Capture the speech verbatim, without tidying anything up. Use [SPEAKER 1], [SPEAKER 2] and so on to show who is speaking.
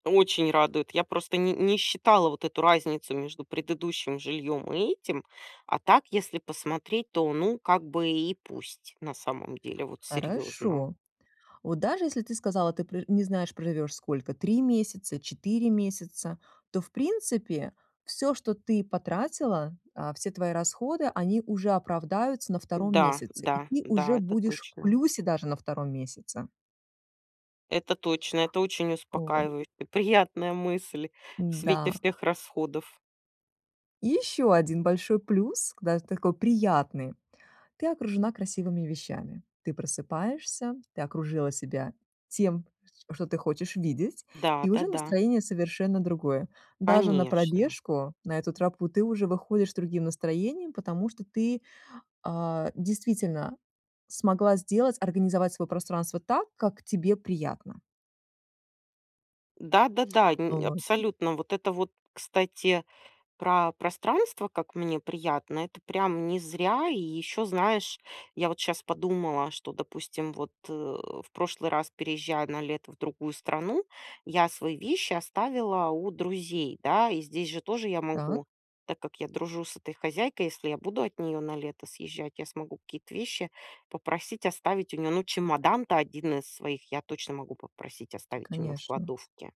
[SPEAKER 1] Очень радует. Я просто ни не считала вот эту разницу между предыдущим жильем и этим. А так, если посмотреть, то, ну, как бы и пусть, на самом деле. Вот серьезно.
[SPEAKER 2] Хорошо. Вот даже если ты сказала, ты пр не знаешь, проживешь сколько, три месяца, четыре месяца, то, в принципе, всё, что ты потратила, а, все твои расходы, они уже оправдаются на втором
[SPEAKER 1] Да,
[SPEAKER 2] месяце, и
[SPEAKER 1] да,
[SPEAKER 2] ты
[SPEAKER 1] да,
[SPEAKER 2] уже
[SPEAKER 1] это
[SPEAKER 2] будешь в
[SPEAKER 1] точно.
[SPEAKER 2] плюсе даже на втором месяце.
[SPEAKER 1] Это точно. Это очень
[SPEAKER 2] Вот.
[SPEAKER 1] успокаивающе, приятная мысль в свете
[SPEAKER 2] Н-да.
[SPEAKER 1] всех расходов.
[SPEAKER 2] И ещё один большой плюс, к да, такой приятный. Ты окружена красивыми вещами. Ты просыпаешься, ты окружила себя тем, что ты хочешь видеть,
[SPEAKER 1] Да,
[SPEAKER 2] и уже
[SPEAKER 1] да-да.
[SPEAKER 2] настроение совершенно другое. Даже на
[SPEAKER 1] Конечно.
[SPEAKER 2] пробежку, на эту тропу, ты уже выходишь с другим настроением, потому что ты, а, действительно смогла сделать, организовать свое пространство так, как тебе приятно.
[SPEAKER 1] Да-да-да, ни
[SPEAKER 2] Вот.
[SPEAKER 1] абсолютно. Вот это вот, кстати, про пространство, как мне приятно- это прям не зря. И еще, знаешь, я вот щас подумала, что, допустим, вот, э, в прошлый раз, переезжая на лето в другую страну, я свои вещи оставила у друзей, да, и здесь же тоже я
[SPEAKER 2] Так.
[SPEAKER 1] могу. Так как я дружу с этой хозяйкой, если я буду от нее на лето съезжать, я смогу какие-то вещи попросить оставить у нее. Ну, чемодан-то один из своих я точно могу попросить оставить у нее в
[SPEAKER 2] Конечно.
[SPEAKER 1] кладовке.